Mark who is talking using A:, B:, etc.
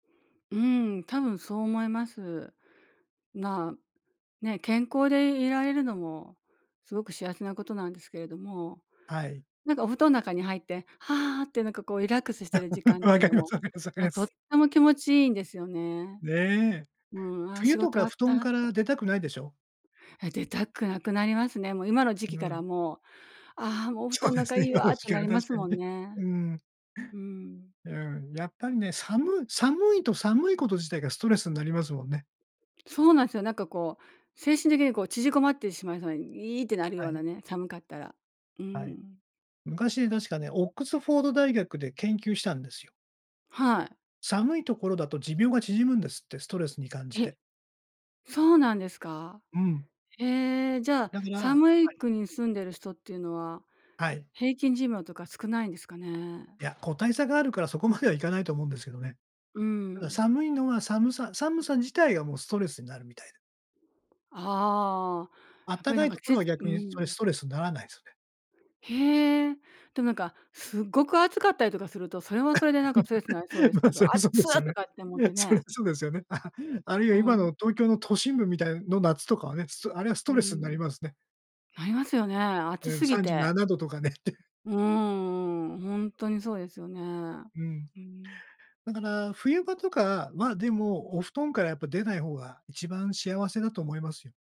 A: うん、多分そう思います。まあ、ね、健康でいられるのもすごく幸せなことなんですけれども、
B: はい。
A: なんかお布団の中に入って「はあ」ってなんかこうリラックスしてる時 間っ
B: 分
A: てい
B: か
A: うの
B: ります
A: も、
B: 分かります分かり
A: あ、
B: ま
A: とっ
B: す。
A: ても気持ちいいんですよね。
B: ね。
A: うん、「あ、
B: 冬
A: 仕
B: と
A: 事終
B: か
A: わっ
B: 布団
A: た」
B: から
A: た。
B: 出たくないでしょ？
A: え、出たくなくなりますね。もう今の時期
B: う
A: から
B: ん。
A: もう「ああ、もうお布
B: そう
A: 団ん
B: で
A: 中
B: す
A: い
B: ね、
A: い
B: 今
A: わ」
B: の
A: っ
B: 時
A: て
B: 期
A: な
B: は
A: りま
B: 確
A: す
B: か
A: も
B: に。
A: んね。
B: うん。
A: うん。
B: うん、やっぱりね、さむ寒いと寒いこと自体がストレスになりますもんね。
A: そうなんでよ。なんかこう、精神的にこう縮こまってしまいそうに「いい」ってなる
B: は
A: ような
B: い。
A: ね、寒かったら。う
B: はい。
A: ん。
B: 昔確かね、オックスフォード大学で研究したんですよ。
A: はい。
B: 寒いところだと寿命が縮むんですって、ストレスに感じ
A: え、
B: て。
A: そうなんですか？
B: うん。
A: ええ、じゃあ、
B: だから
A: 寒い
B: はい。
A: 国住んでる人っていうのは、
B: はい。
A: 平均寿命とか少ないんですかね？
B: いや、個体差があるからそこまではいかないと思うんですけどね。
A: う
B: ただ
A: ん。
B: 寒いのは寒さ寒さ自体がもうストレスになるみたいで。
A: ああ、
B: あっ
A: やっ
B: た
A: ぱり
B: か
A: なん
B: い
A: か
B: ところ
A: ち
B: は
A: う
B: 逆にそれ
A: ん。
B: ストレスんならないすよね。
A: へえ、でもなんかすごく暑かったりとかすると、それはそれでなんかストレスなりそうです
B: ま、
A: けど
B: そりゃ
A: 「あっ
B: そう
A: つ！」
B: ですよね。
A: とかって思っ
B: いや、
A: て
B: そりゃ
A: ね。
B: そうですよね。あ、あるい
A: う
B: は今
A: ん。
B: の東京の都心部みたいの夏とかはね、ストあれはスト
A: う
B: レスんな
A: ん。
B: りますね。
A: なりますよね、暑
B: うん、
A: すぎ
B: さんじゅうな
A: て。
B: などとかねって。
A: うーん、ほんとにそうですよね。
B: うん。
A: うん。
B: だから、冬場とかは、でも、お布団からやっぱ出ない方が一番幸せだと思いますよ。